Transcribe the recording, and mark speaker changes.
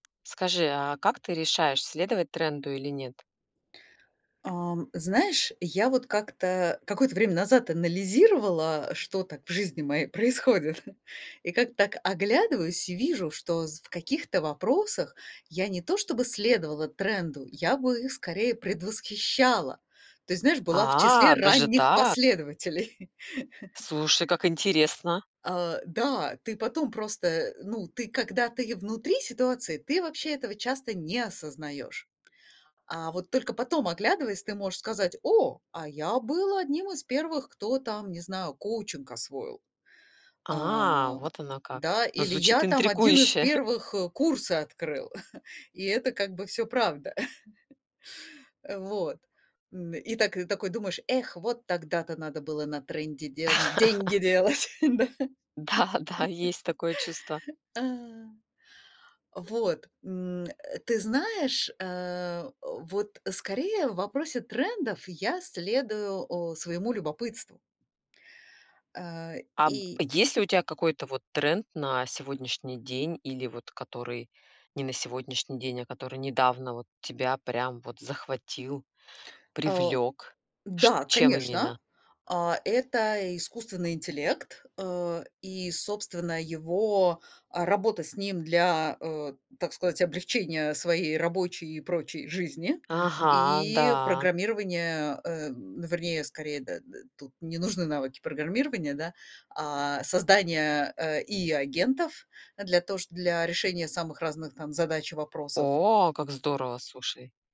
Speaker 1: Скажи, а как ты решаешь, следовать тренду или нет?
Speaker 2: Ам, знаешь, я вот как-то какое-то время назад анализировала, что так в жизни моей происходит. И как-то так оглядываюсь и вижу, что з в каких-то вопросах я не то чтобы следовала тренду, я бы их скорее предвосхищала. То есть, знаешь, была в числе
Speaker 1: А, даже
Speaker 2: ранних
Speaker 1: так.
Speaker 2: последователей.
Speaker 1: Слушай, как интересно.
Speaker 2: А, да, ты потом просто, э, ну, ты, когда ты внутри ситуации, ты вообще этого часто не осознаешь. А вот только потом, оглядываясь, ты можешь сказать: "О, а я был одним из первых, кто, там, не знаю, коучинг освоил".
Speaker 1: А,
Speaker 2: А,
Speaker 1: вот оно как.
Speaker 2: да,
Speaker 1: Ну
Speaker 2: или:
Speaker 1: звучит
Speaker 2: "Я, там, один из
Speaker 1: интригующе.
Speaker 2: первых курсы открыл". И это как бы всё правда. Э, вот. М, и так такой думаешь: "Эх, вот тогда-то надо было на тренде дел деньги делать, да".
Speaker 1: Да-да, есть такое чувство.
Speaker 2: А. Вот, м, э, ты знаешь, э, вот скорее в вопросе трендов я следую, э, своему любопытству. Э,
Speaker 1: А, б
Speaker 2: и
Speaker 1: есть ли у тя какой-то вот тренд на сегодняшний день или, вот, который не на сегодняшний день, а который недавно, вот, тебя прям, вот, захватил,
Speaker 2: О,
Speaker 1: привлёк? Ш
Speaker 2: да,
Speaker 1: чем
Speaker 2: конечно.
Speaker 1: именно?
Speaker 2: А это и искусственный интеллект, э, и, собственно, его, а, работа с ним для, э, так сказать, облегчения своей рабочей и прочей жизни.
Speaker 1: Ага,
Speaker 2: И
Speaker 1: да.
Speaker 2: программирования, э, м, вернее, скорее, д э, э, тут не нужны навыки программирования, да. А создание, э, и агентов для то, что для решения самых разных там задач и вопросов.
Speaker 1: О, как здорово, слушай.